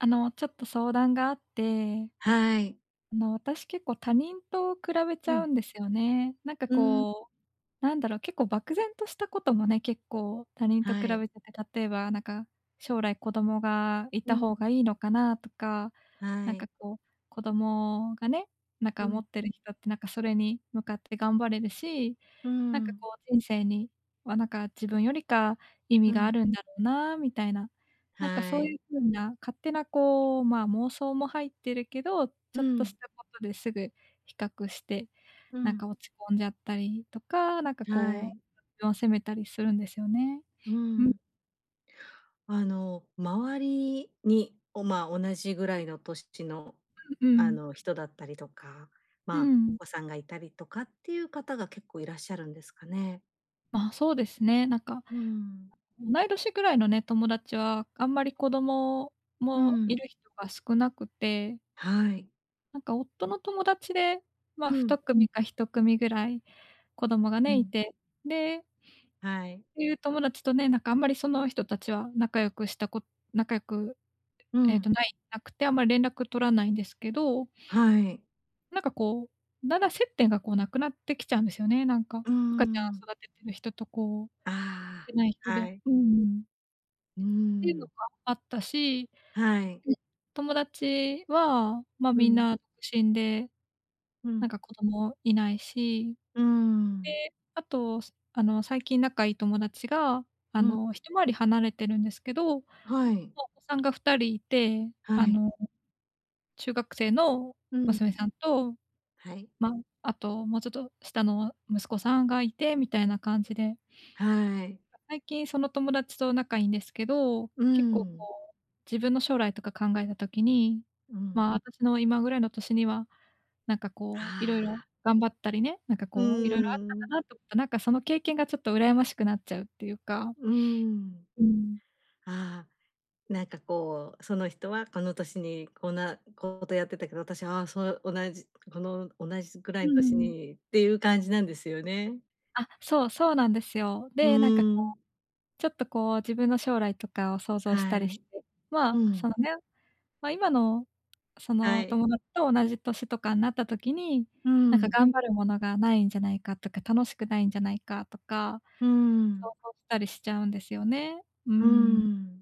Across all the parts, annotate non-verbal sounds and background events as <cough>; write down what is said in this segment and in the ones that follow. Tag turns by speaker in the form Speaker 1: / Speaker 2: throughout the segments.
Speaker 1: あの、ちょっと相談があって。
Speaker 2: はい。
Speaker 1: あの私、結構他人と比べち
Speaker 2: う
Speaker 1: ゃう
Speaker 2: ん。
Speaker 1: んですよね。なんか
Speaker 2: うーん。
Speaker 1: こう、なんだろう、結構漠然としたこともね、結構他人と
Speaker 2: は
Speaker 1: 比
Speaker 2: い。
Speaker 1: べてて、例えばなんか、将来子供がい
Speaker 2: う
Speaker 1: た
Speaker 2: ん。
Speaker 1: 方がいいのかなとか、
Speaker 2: は
Speaker 1: なんか
Speaker 2: い。
Speaker 1: こう、子供がね、なん
Speaker 2: う
Speaker 1: か持
Speaker 2: ん。
Speaker 1: ってる人ってなんかそれに向かって頑張れるし、
Speaker 2: うー
Speaker 1: なんか
Speaker 2: ん。
Speaker 1: こう、人生にはなんか自分よりか意
Speaker 2: う
Speaker 1: 味があ
Speaker 2: ん。
Speaker 1: るんだろうなみたいな。なんか
Speaker 2: は
Speaker 1: そう
Speaker 2: い。
Speaker 1: いう風な勝手なこう、まあ、妄想も入ってるけど、ち
Speaker 2: う
Speaker 1: ょっと
Speaker 2: ん。
Speaker 1: したことですぐ比較して、
Speaker 2: う
Speaker 1: なん
Speaker 2: ん。
Speaker 1: か落ち込んじゃったりとか、なんか
Speaker 2: は
Speaker 1: こ
Speaker 2: い。
Speaker 1: う <unintelligible> を責めたりするんですよね。
Speaker 2: う
Speaker 1: ん。
Speaker 2: ん。あの、周りに、おまあ、同じぐらいの年の、
Speaker 1: ん、う
Speaker 2: あ
Speaker 1: ん。
Speaker 2: の人だったりとか、
Speaker 1: う
Speaker 2: まあ、お
Speaker 1: ん。
Speaker 2: 子さんがいたりとかっていう方が結構いらっしゃるんですかね？
Speaker 1: まあ、そうですね。なんか、
Speaker 2: うん。
Speaker 1: 同い年ぐらいのね、友達はあんまり子供
Speaker 2: う
Speaker 1: もい
Speaker 2: ん。
Speaker 1: る人が少なくて。
Speaker 2: はい。
Speaker 1: なんか夫の友達でま、
Speaker 2: う
Speaker 1: ふ
Speaker 2: ん。
Speaker 1: たくみか1組ぐらい子供が
Speaker 2: う
Speaker 1: ね、い
Speaker 2: ん。
Speaker 1: て。で
Speaker 2: はい。
Speaker 1: ていう友達とね、なんかあんまりその人たちは仲良くしたこ仲良く、
Speaker 2: う
Speaker 1: ええと
Speaker 2: ん。
Speaker 1: ないなくてあんまり連絡取らないんですけど
Speaker 2: はい。
Speaker 1: なんかこう、だんだん接点がこうなくなってきちゃうんですよね。なんか、
Speaker 2: うー
Speaker 1: 赤ちゃん
Speaker 2: ん。
Speaker 1: 育ててる人とこう、
Speaker 2: あ
Speaker 1: てない人
Speaker 2: あ、は
Speaker 1: で。
Speaker 2: い。
Speaker 1: うんうん。
Speaker 2: うー
Speaker 1: ていうの
Speaker 2: ん。
Speaker 1: があったし、
Speaker 2: はい。
Speaker 1: うん。友達はま、
Speaker 2: う
Speaker 1: みん
Speaker 2: ん。
Speaker 1: な、独身で、
Speaker 2: う
Speaker 1: なん
Speaker 2: ん。
Speaker 1: か子供いないし。
Speaker 2: うーん。
Speaker 1: で、あとす、あの最近仲良い友達が、あ
Speaker 2: うん。
Speaker 1: の1回り離れてるんですけど、もう
Speaker 2: はい。
Speaker 1: お子さんが2人いて、
Speaker 2: は
Speaker 1: あ
Speaker 2: い。
Speaker 1: の中学生の
Speaker 2: うん。
Speaker 1: 娘さんと
Speaker 2: はい。
Speaker 1: ま、あともうちょっと下の息子さんがいてみたいな感じで。
Speaker 2: はい。
Speaker 1: 最近その友達と仲いいんですけど、
Speaker 2: うー
Speaker 1: 結構
Speaker 2: ん。
Speaker 1: こう自分の将来とか考えた時に、
Speaker 2: うん。
Speaker 1: ま、私の今ぐらいの年には、なんかこう色々
Speaker 2: ああ。
Speaker 1: 頑張ったりね、なんか
Speaker 2: うー
Speaker 1: こう色々あったん
Speaker 2: ん。
Speaker 1: だなと思った、なんかその経験がちょっと羨ましくなっちゃうっていうか。
Speaker 2: うーん。
Speaker 1: うん。
Speaker 2: ああ、なんかこう、その人はこの年にこんなこうとやってたけど、私はそう同じこの同じぐら
Speaker 1: う
Speaker 2: いの
Speaker 1: ー
Speaker 2: 年
Speaker 1: ん。
Speaker 2: にっていう感じなんですよね。
Speaker 1: あ、そう、そうなんですよ。
Speaker 2: う
Speaker 1: で、なんか、こ
Speaker 2: ーん。
Speaker 1: う、ちょっと、こう、自分の将来とかを想像し
Speaker 2: は
Speaker 1: たり
Speaker 2: い。
Speaker 1: して。
Speaker 2: う
Speaker 1: まあ、そ
Speaker 2: ん。
Speaker 1: のね、ま、今の、そ
Speaker 2: は
Speaker 1: の、お
Speaker 2: い。
Speaker 1: 友達と同じ年とかになった時に、
Speaker 2: う
Speaker 1: なんか
Speaker 2: ん。
Speaker 1: 頑張るものが無いんじゃないかとか、楽しくないんじゃないかとか、
Speaker 2: うー
Speaker 1: 想
Speaker 2: ん。
Speaker 1: 像したりしちゃうんですよね、うー
Speaker 2: うー
Speaker 1: ん。
Speaker 2: ん。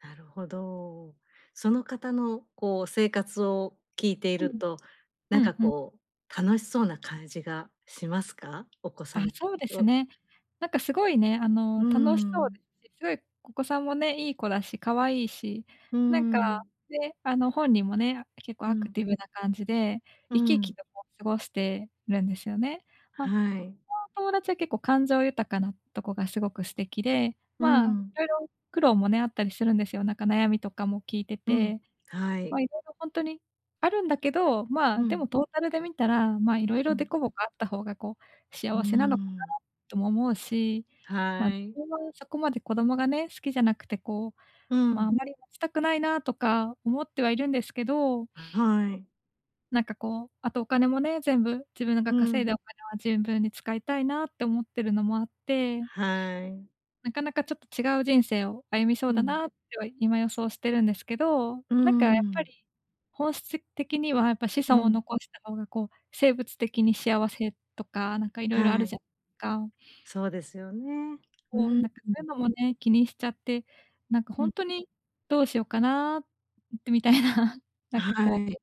Speaker 2: なるほど。その方の、こう、生活を聞いてい
Speaker 1: う
Speaker 2: る
Speaker 1: ん。
Speaker 2: と、
Speaker 1: う
Speaker 2: なん
Speaker 1: ん
Speaker 2: か、
Speaker 1: うん。
Speaker 2: こう、楽しそうな感じがしますか？お子
Speaker 1: あ、
Speaker 2: さん
Speaker 1: そうです
Speaker 2: を
Speaker 1: ね。なんか、すごいね、あ
Speaker 2: う
Speaker 1: の、
Speaker 2: ー
Speaker 1: 楽しそう
Speaker 2: ん。
Speaker 1: ですし、すごいお子さんもね、いい子だし可愛いし、
Speaker 2: うー
Speaker 1: なんか、
Speaker 2: ん。
Speaker 1: ね、あの、本人もね、あ、結構
Speaker 2: う
Speaker 1: アク
Speaker 2: ん。
Speaker 1: ティブな感じで、
Speaker 2: うー
Speaker 1: 生き生き
Speaker 2: ん。
Speaker 1: と、こう、過ごしてるんですよね。ま、そ
Speaker 2: はい。
Speaker 1: の友達は結構感情豊かなとこがすごく素敵で、
Speaker 2: うー
Speaker 1: まあ、
Speaker 2: ん。
Speaker 1: 色々苦労もね、あったりするんですよ。なんか、悩みとかも聞いて
Speaker 2: うん、
Speaker 1: て。
Speaker 2: は
Speaker 1: ま
Speaker 2: い。
Speaker 1: あ、色々ほんとにあるんだけど、まあ、
Speaker 2: う
Speaker 1: でも
Speaker 2: ん。
Speaker 1: トータルで見たら、まあ、色
Speaker 2: う
Speaker 1: 々デ
Speaker 2: ん。
Speaker 1: コボコあった方が、こう、
Speaker 2: うー
Speaker 1: 幸せなのかな
Speaker 2: ん。
Speaker 1: とも思うし、ま、
Speaker 2: はい。
Speaker 1: <unintelligible> そこまで子供がね、好きじゃなくて、こ
Speaker 2: う
Speaker 1: う、ま、
Speaker 2: ん。
Speaker 1: あまり持ちたくないなとか思ってはいるんですけど
Speaker 2: ん、
Speaker 1: <sniffs>
Speaker 2: はい。
Speaker 1: なんか、こう、あとお金もね、全部自分なが
Speaker 2: うー
Speaker 1: 稼い
Speaker 2: ん。
Speaker 1: だお金はぜんぶんに使いたいなって思ってるのもあって
Speaker 2: はい。
Speaker 1: <sniffs> なかなかちょっと違う人生を歩みそう
Speaker 2: う
Speaker 1: だな
Speaker 2: ん。
Speaker 1: っては、今、予想してるんですけど、
Speaker 2: うー
Speaker 1: なんか、やっぱ
Speaker 2: ん。
Speaker 1: り、本質的にはやっぱ子
Speaker 2: う
Speaker 1: 孫を
Speaker 2: ん。
Speaker 1: 残した方が、こう、生物的に幸せとか、なんか色々あ
Speaker 2: は
Speaker 1: るじ
Speaker 2: い。
Speaker 1: ゃか。
Speaker 2: そ
Speaker 1: <sniffs>
Speaker 2: うですよね。う、
Speaker 1: こう、
Speaker 2: うん。
Speaker 1: なんか、そういうのもね、気にしちゃって、なんか、
Speaker 2: う
Speaker 1: ほ
Speaker 2: ん。
Speaker 1: んとにどうしようかな、んん、ってみたいな、な
Speaker 2: あ、
Speaker 1: んか、
Speaker 2: は
Speaker 1: こう、
Speaker 2: い。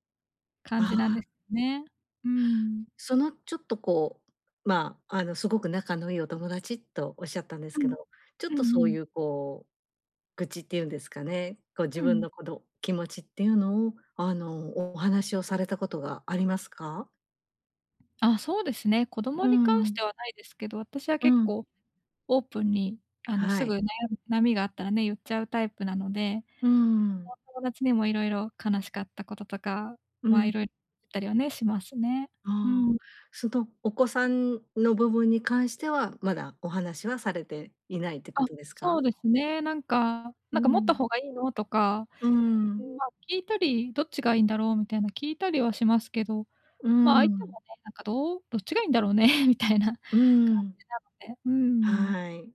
Speaker 1: 感
Speaker 2: あ
Speaker 1: じなんで
Speaker 2: あ。
Speaker 1: すね。うーん。
Speaker 2: その、ちょっと、こう、まあ、あの、すごく仲のいいお友達とおっしゃったんです
Speaker 1: う
Speaker 2: け
Speaker 1: ん、
Speaker 2: ど、ちょっ
Speaker 1: う
Speaker 2: と
Speaker 1: ん
Speaker 2: そ
Speaker 1: う
Speaker 2: う
Speaker 1: ん。
Speaker 2: ゆうこう、愚痴ってゆうんですかね、こう、
Speaker 1: う
Speaker 2: 自分
Speaker 1: ん。
Speaker 2: のこど気持ちっていうのを、あの、お話をされたことはありますか？
Speaker 1: あ、そうですね。子供
Speaker 2: うー
Speaker 1: に関して
Speaker 2: ん。
Speaker 1: はないですけど、私は
Speaker 2: う
Speaker 1: 結
Speaker 2: ん。
Speaker 1: 構オープンにあの、
Speaker 2: は
Speaker 1: すぐ、
Speaker 2: い。
Speaker 1: な悩みがあったらね言っちゃうタイプなので
Speaker 2: うーん。
Speaker 1: <unintelligible> 友達にも色々悲しかったこととか、
Speaker 2: う
Speaker 1: ま、
Speaker 2: ん。
Speaker 1: 色いったりはね、しますね。う
Speaker 2: ああ、
Speaker 1: ん。
Speaker 2: そのお子さんの部分に関してはまだお話はされていないってこ
Speaker 1: あ、
Speaker 2: とです
Speaker 1: そう
Speaker 2: か？
Speaker 1: ですね。なんか、
Speaker 2: う
Speaker 1: なんか持った
Speaker 2: ん。
Speaker 1: 方がいいのとか、
Speaker 2: うーん。
Speaker 1: ま、聞いたりどっちがいいんだろうみたいな聞いたりはしますけど、
Speaker 2: うー
Speaker 1: ま相手も
Speaker 2: ん。
Speaker 1: ね、なんかどう、どっちがいいんだろうね <chuckles> みたいな感
Speaker 2: うーん。
Speaker 1: じなので。うーん。
Speaker 2: はい。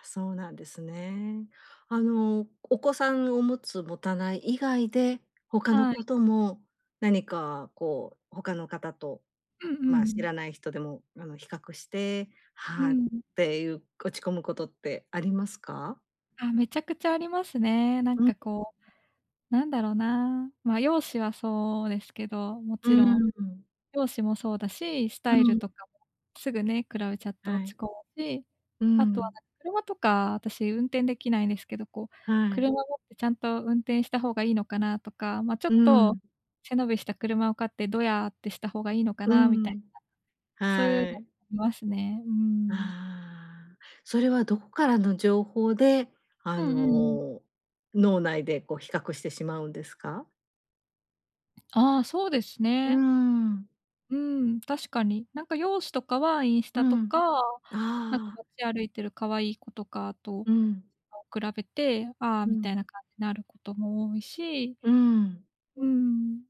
Speaker 2: あ、そうなんですね。あの、お子さんを持つ持たない以外で、他の
Speaker 1: はい。
Speaker 2: ことも何かこう、他の方と
Speaker 1: うんう
Speaker 2: ま、知
Speaker 1: ん。
Speaker 2: らない人でもあの比較して、
Speaker 1: う
Speaker 2: はっ
Speaker 1: ん。
Speaker 2: ていう落ち込むことってありますか？
Speaker 1: あ、めちゃくちゃありますね。なん
Speaker 2: うん。
Speaker 1: かこう、
Speaker 2: <unintelligible>
Speaker 1: なんだろうな、ま、容姿はそうですけども
Speaker 2: う
Speaker 1: ちろん。
Speaker 2: ーん。
Speaker 1: 容姿もそうだし、ス
Speaker 2: う
Speaker 1: タイル
Speaker 2: ん。
Speaker 1: とかもすぐね比べちゃって
Speaker 2: は
Speaker 1: 落ち
Speaker 2: い。
Speaker 1: 込むし、
Speaker 2: うー
Speaker 1: あとは
Speaker 2: ん。
Speaker 1: な、車とか私運転できないんですけど、こう、
Speaker 2: はい。
Speaker 1: 車持ってちゃんと運転した方がいいのかなとか、ま、ちょ
Speaker 2: う
Speaker 1: っと
Speaker 2: ん。
Speaker 1: 背伸びした車を買ってどやってした方がいいのか
Speaker 2: う
Speaker 1: なみたいな。
Speaker 2: ん、
Speaker 1: そういうの
Speaker 2: はい。
Speaker 1: <unintelligible> ますね。うーん。
Speaker 2: ああ、それはどこからの情報であ
Speaker 1: うんうんうん。
Speaker 2: の、脳内でこう比較してしまうんですか？
Speaker 1: ああ、そうです
Speaker 2: うー
Speaker 1: ね。
Speaker 2: ん。
Speaker 1: うん、確かに。なんか容姿とかはインス
Speaker 2: う
Speaker 1: タと
Speaker 2: ん。
Speaker 1: か、なんか
Speaker 2: ああ。
Speaker 1: 街歩いてる可愛い子とかと
Speaker 2: うん。
Speaker 1: そう比べて、ああ、
Speaker 2: う
Speaker 1: みたい
Speaker 2: ん。
Speaker 1: な感じになることも多いし
Speaker 2: うん。
Speaker 1: うん。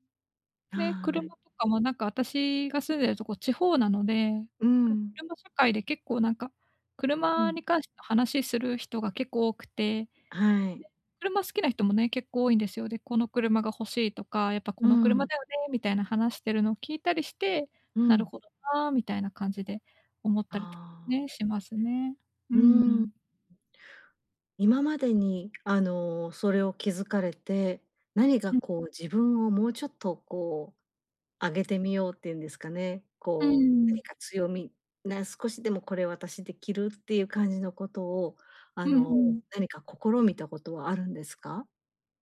Speaker 2: は
Speaker 1: で、
Speaker 2: い。
Speaker 1: 車とかもなんか私が住んでるとこ地方なので、
Speaker 2: うん。
Speaker 1: 車社会で結構なんか、
Speaker 2: う
Speaker 1: 車
Speaker 2: ん。
Speaker 1: に関しての話する人が結構多くて。で、
Speaker 2: はい。
Speaker 1: 車好きな人もね、結構多いんですよ。で、この車が欲しいとか、やっぱこ
Speaker 2: う
Speaker 1: の車
Speaker 2: ん。
Speaker 1: だよねみたいな話してるのを聞いたりして、
Speaker 2: う
Speaker 1: なる
Speaker 2: ん。
Speaker 1: ほどな、みたいな感じで思ったりとか
Speaker 2: ああ。
Speaker 1: ね、しますね。う
Speaker 2: う
Speaker 1: んう
Speaker 2: ん。
Speaker 1: ん。
Speaker 2: 今までにあの、それを気づかれて、何か
Speaker 1: うん。
Speaker 2: こう自分をもうちょっとこう上げてみようっていうんですかね、
Speaker 1: うん
Speaker 2: こう
Speaker 1: うん。
Speaker 2: 何か強みな、少しでもこれ私できるっていう感じのことを、あ
Speaker 1: うん
Speaker 2: の
Speaker 1: うん。
Speaker 2: 何か試みたことはあるんですか？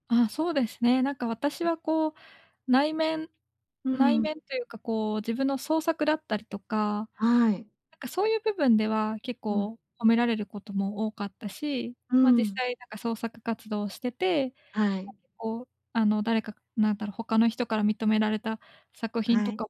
Speaker 1: あ、そうですね。なんか私
Speaker 2: ん。
Speaker 1: はこう内面
Speaker 2: う
Speaker 1: 内
Speaker 2: ん。
Speaker 1: 面というかこう自分の創作だったりとか、
Speaker 2: はい。
Speaker 1: なんかそういう部分では結
Speaker 2: うん。
Speaker 1: 構褒められることも多かったし、
Speaker 2: う
Speaker 1: ま、実
Speaker 2: ん。
Speaker 1: 際、なんか、創作活動をしてて、
Speaker 2: は
Speaker 1: ま、
Speaker 2: い。
Speaker 1: 結構あの誰かなんだろう、他の人から認められた作品
Speaker 2: は
Speaker 1: と
Speaker 2: い。
Speaker 1: か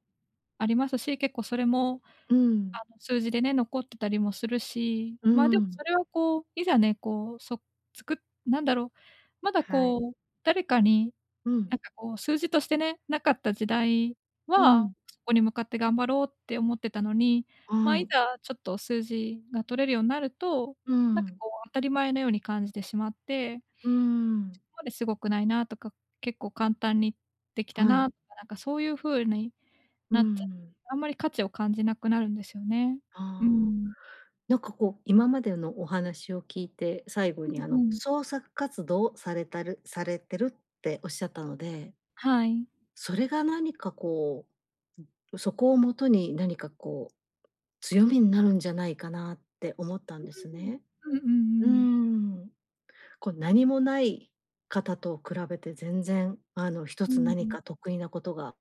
Speaker 1: ありますし、結構それも
Speaker 2: う
Speaker 1: あ
Speaker 2: ん。
Speaker 1: の数字でね、残ってたりもするし。
Speaker 2: う
Speaker 1: ま、でも
Speaker 2: ん。
Speaker 1: それはこう、いざね、こうそつくっなんだろう、まだ
Speaker 2: はい。
Speaker 1: こう、誰かに、
Speaker 2: う
Speaker 1: な
Speaker 2: ん。
Speaker 1: んかこう、数字としてね、なかった時代
Speaker 2: う
Speaker 1: は、
Speaker 2: ん。
Speaker 1: そこに向かって頑張ろうって思ってたのに、
Speaker 2: は
Speaker 1: ま、い
Speaker 2: い。
Speaker 1: ざちょっと数字が取れるようになると、
Speaker 2: う
Speaker 1: なんか
Speaker 2: ん。
Speaker 1: こう、当たり前のように感じてしまって
Speaker 2: うーん。
Speaker 1: そこまですごくないなとか、結構簡単にできた
Speaker 2: はい。
Speaker 1: な、か、なんか、そういう風に
Speaker 2: う
Speaker 1: なっちゃっ
Speaker 2: ん。
Speaker 1: あんまり価値を感じなくなるんですよね。う
Speaker 2: ああ、
Speaker 1: ん。
Speaker 2: なんかこう今までのお話を聞いて、最後にあ
Speaker 1: うんう
Speaker 2: の
Speaker 1: ん。
Speaker 2: 創作活動されたるされてるっておっしゃったので
Speaker 1: はい。
Speaker 2: それが何かこう、うん、そこをもとに何かこう、強みになるんじゃないかなって思ったん
Speaker 1: う
Speaker 2: ですね。
Speaker 1: ううん、うんう
Speaker 2: うー
Speaker 1: んうん。
Speaker 2: ん、こう何もない方と比べて全然あの一
Speaker 1: う
Speaker 2: つ
Speaker 1: んう
Speaker 2: 何
Speaker 1: ん。
Speaker 2: か得意なことが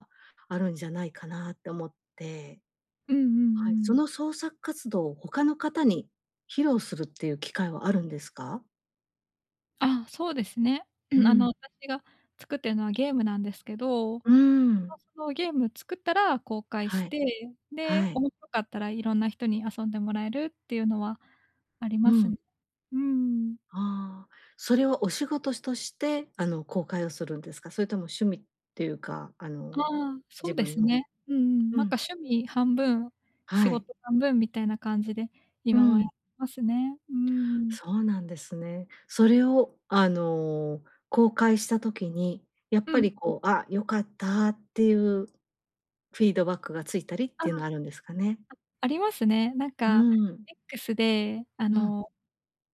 Speaker 2: あるんじゃないかなと思って。
Speaker 1: うんうん
Speaker 2: はい、そ
Speaker 1: うん。
Speaker 2: の創作活動を他の方に披露するっていう機会はあるんですか？
Speaker 1: あ、そうですね。
Speaker 2: う
Speaker 1: うん、あ
Speaker 2: ん。
Speaker 1: の、私が作ってるのはゲームなんですけど、こ
Speaker 2: うーん。
Speaker 1: のそのゲーム作ったら公開
Speaker 2: は
Speaker 1: し
Speaker 2: い。
Speaker 1: て、
Speaker 2: は
Speaker 1: で、
Speaker 2: い。
Speaker 1: 面白かったら色んな人に遊んでもらえるっていうのはあり
Speaker 2: う
Speaker 1: ます。う
Speaker 2: ん。
Speaker 1: ーん。
Speaker 2: ああ。それはお仕事としてあの公開をするんですか？それとも趣味っていうか、あ
Speaker 1: あ
Speaker 2: の
Speaker 1: あ、そ
Speaker 2: 自
Speaker 1: うで
Speaker 2: 分
Speaker 1: す
Speaker 2: の
Speaker 1: ね。うんうん。
Speaker 2: う
Speaker 1: なん
Speaker 2: ん。
Speaker 1: か趣味半分、仕
Speaker 2: はい。
Speaker 1: 事半分みたいな感じで
Speaker 2: う
Speaker 1: 今はやっ
Speaker 2: ん。
Speaker 1: てますね。うーん。
Speaker 2: そうなんですね。それをあの、公開した時に、やっ
Speaker 1: う
Speaker 2: ぱ
Speaker 1: ん。
Speaker 2: りこう、あ、良かったっていうフィードバックがついたりっ
Speaker 1: ああ、
Speaker 2: ていうの
Speaker 1: あ、
Speaker 2: はあるんですかね？
Speaker 1: ありますね。なん
Speaker 2: う
Speaker 1: か
Speaker 2: ん。
Speaker 1: X で、あ
Speaker 2: うん。
Speaker 1: の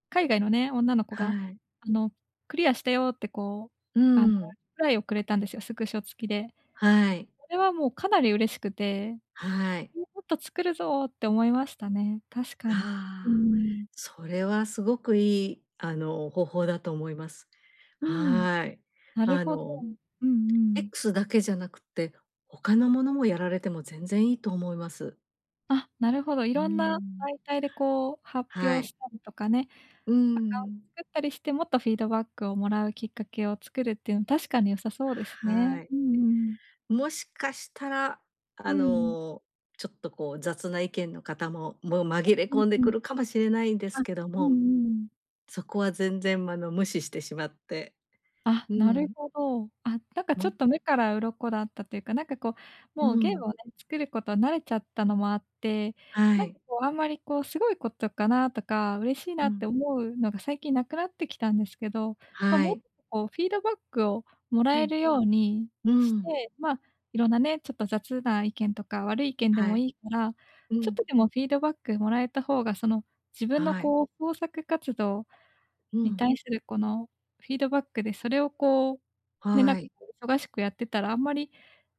Speaker 1: 海外のね、女の子
Speaker 2: は
Speaker 1: が、
Speaker 2: い。
Speaker 1: あの、クリアしたよ、ってこ
Speaker 2: う
Speaker 1: う、あの、リ
Speaker 2: ん。
Speaker 1: プライをくれたんですよ、スクショ付きで。
Speaker 2: はい。
Speaker 1: これはもうかなり嬉しくて。
Speaker 2: はい。
Speaker 1: <unintelligible> もっと作るぞって思いましたね、確かに。うー
Speaker 2: ああ、
Speaker 1: ん。
Speaker 2: それはすごくいい、あの、方法だと思います。
Speaker 1: うん、
Speaker 2: はい。
Speaker 1: なる
Speaker 2: あ
Speaker 1: ほど。
Speaker 2: の
Speaker 1: うんうん。
Speaker 2: X だけじゃなくって、他のものもやられても全然いいと思います。
Speaker 1: あ、なるほど。い
Speaker 2: うー
Speaker 1: ろんな
Speaker 2: ん。
Speaker 1: 媒体でこう発
Speaker 2: は
Speaker 1: 表
Speaker 2: い。
Speaker 1: したりとかね、
Speaker 2: うー
Speaker 1: アカウン
Speaker 2: ん。
Speaker 1: 作ったりして、もっとフィードバックをもらうきっかけを作るっていうの、確かに良さそうですね。
Speaker 2: はい。
Speaker 1: うんうんうん。
Speaker 2: もしかしたら
Speaker 1: う
Speaker 2: あ
Speaker 1: んうん。
Speaker 2: の、ちょっとこう雑な意見の方も、もう
Speaker 1: あ、
Speaker 2: 紛れ
Speaker 1: うん
Speaker 2: 込んで
Speaker 1: うん。
Speaker 2: くるかもしれないんで
Speaker 1: あ、
Speaker 2: すけど
Speaker 1: うんう
Speaker 2: も。
Speaker 1: んうん。
Speaker 2: そこは全然、まの無視してしまって、
Speaker 1: あ、
Speaker 2: う
Speaker 1: なる
Speaker 2: ん。
Speaker 1: ほど。あ、なんかちょ
Speaker 2: ま
Speaker 1: っと目から鱗っこだったというか、なんかこう、
Speaker 2: う
Speaker 1: もうゲー
Speaker 2: ん。
Speaker 1: ムをね、作ることは慣れちゃったのもあって、
Speaker 2: は
Speaker 1: なんか
Speaker 2: い。
Speaker 1: こう、あんまりこう、すごいことかなとか、嬉しいな
Speaker 2: う
Speaker 1: って
Speaker 2: ん。
Speaker 1: 思うのが、最近なくなってきたんですけど。ま、
Speaker 2: は
Speaker 1: もっ、
Speaker 2: い。
Speaker 1: こうフィードバックをもら
Speaker 2: う
Speaker 1: え
Speaker 2: ん。
Speaker 1: るように
Speaker 2: う
Speaker 1: し
Speaker 2: ん。
Speaker 1: て、ま、いろんなね、ちょっと雑な意見とか、悪い意見で
Speaker 2: は
Speaker 1: も
Speaker 2: い。
Speaker 1: いいから、
Speaker 2: う
Speaker 1: ちょっと
Speaker 2: ん。
Speaker 1: でもフィードバックもらえた方が、その自分の
Speaker 2: はい。
Speaker 1: こう創作活動
Speaker 2: う
Speaker 1: に
Speaker 2: ん。
Speaker 1: 対する、このフィードバックでそれをこう、ね、なん
Speaker 2: は
Speaker 1: か
Speaker 2: い。
Speaker 1: こう忙しくやってたら、あんまり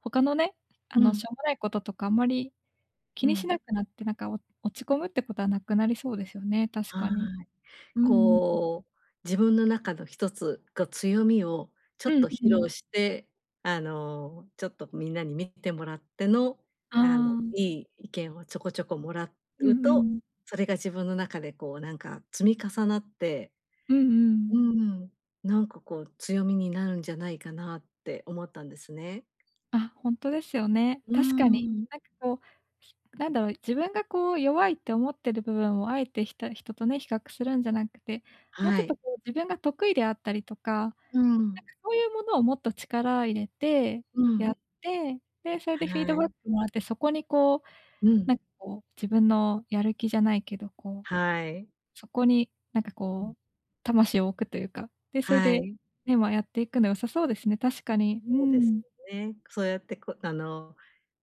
Speaker 1: 他のね、あ
Speaker 2: う
Speaker 1: の
Speaker 2: ん。
Speaker 1: しょうもないこととか、あんまり気
Speaker 2: う
Speaker 1: にし
Speaker 2: ん。
Speaker 1: なくなって、なんかお落ち込むってことはなくなりそうですよね、確
Speaker 2: は
Speaker 1: かに。
Speaker 2: い。
Speaker 1: うんうんうん。
Speaker 2: こう自分の中の一つ、こう強みをちょっ
Speaker 1: うん
Speaker 2: と
Speaker 1: う
Speaker 2: 披
Speaker 1: ん。
Speaker 2: 露して、あのちょっとみんなに見てもらっての、
Speaker 1: あ
Speaker 2: あの
Speaker 1: あ。
Speaker 2: いい意見をちょこちょこもら
Speaker 1: うん
Speaker 2: う
Speaker 1: う
Speaker 2: と、
Speaker 1: ん。
Speaker 2: それが自分の中でこう、なんか積み重なって。
Speaker 1: うんう
Speaker 2: う
Speaker 1: ん。
Speaker 2: ーん、なんかこう、強みになるんじゃないかなって思ったんですね。
Speaker 1: あ、ほんとですよね。
Speaker 2: うー
Speaker 1: 確かに。
Speaker 2: ん。
Speaker 1: なんかこう、なんだろう、自分がこう弱いって思ってる部分を、あえてひた人とね、比較するんじゃなくて、もうち
Speaker 2: は
Speaker 1: ょっと
Speaker 2: い。
Speaker 1: こう、自分が得意であったりとか、なんか
Speaker 2: うん。
Speaker 1: そういうものを、もっと力入れて
Speaker 2: う
Speaker 1: や
Speaker 2: ん。
Speaker 1: って、で、それでフィード
Speaker 2: は
Speaker 1: バッ
Speaker 2: い。
Speaker 1: クもらって、そこにこう、
Speaker 2: うん。
Speaker 1: なんかこう自分のやる気じゃないけど、こう、
Speaker 2: はい。
Speaker 1: そこに、なんか
Speaker 2: う
Speaker 1: こ
Speaker 2: ん。
Speaker 1: う、魂を置くというか。で、それ
Speaker 2: は
Speaker 1: で、
Speaker 2: い。
Speaker 1: ね、まあやっていくの良さそうですね。確かに。う
Speaker 2: そうです
Speaker 1: ん。
Speaker 2: よね。そうやってこう、あの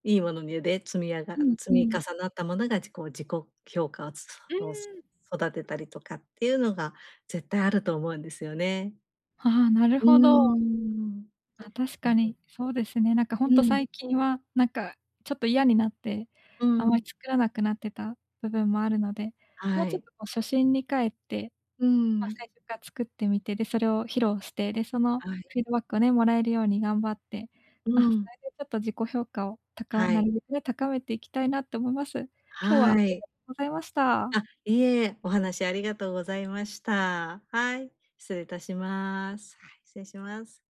Speaker 2: いいものにで積みあが
Speaker 1: うん
Speaker 2: 積
Speaker 1: う
Speaker 2: み
Speaker 1: ん。
Speaker 2: 重なったものが、ちこう自己評価つつ、
Speaker 1: うー
Speaker 2: を
Speaker 1: ん。
Speaker 2: 育てたりとかっていうのが、絶対あると思うんですよね。
Speaker 1: ああ、なる
Speaker 2: うー
Speaker 1: ほど。
Speaker 2: ん。
Speaker 1: あ、確
Speaker 2: な
Speaker 1: か
Speaker 2: の。
Speaker 1: に、そうですね。なんかほん
Speaker 2: う
Speaker 1: と
Speaker 2: ん。
Speaker 1: 最近は、なんかちょっと嫌になって、
Speaker 2: う
Speaker 1: あまり
Speaker 2: ん。
Speaker 1: 作らなくなってた部分もあるので、もう
Speaker 2: は
Speaker 1: ちょっ
Speaker 2: い。
Speaker 1: とこう初心に帰って、
Speaker 2: うー
Speaker 1: ま、
Speaker 2: ん。
Speaker 1: 最初から作ってみて、で、それを披露して、で、その
Speaker 2: はい。
Speaker 1: フィードバックをね、もらえるように頑張って、
Speaker 2: う
Speaker 1: あ、それ
Speaker 2: ん。
Speaker 1: でちょっと自己評価をたか
Speaker 2: は
Speaker 1: な
Speaker 2: い。
Speaker 1: るべくね、高めていきたいなと思います。今日は
Speaker 2: はい。
Speaker 1: <unintelligible> ございました。
Speaker 2: あ、いえ、お話ありがとうございました。はい、失礼いたします。はい、失礼します。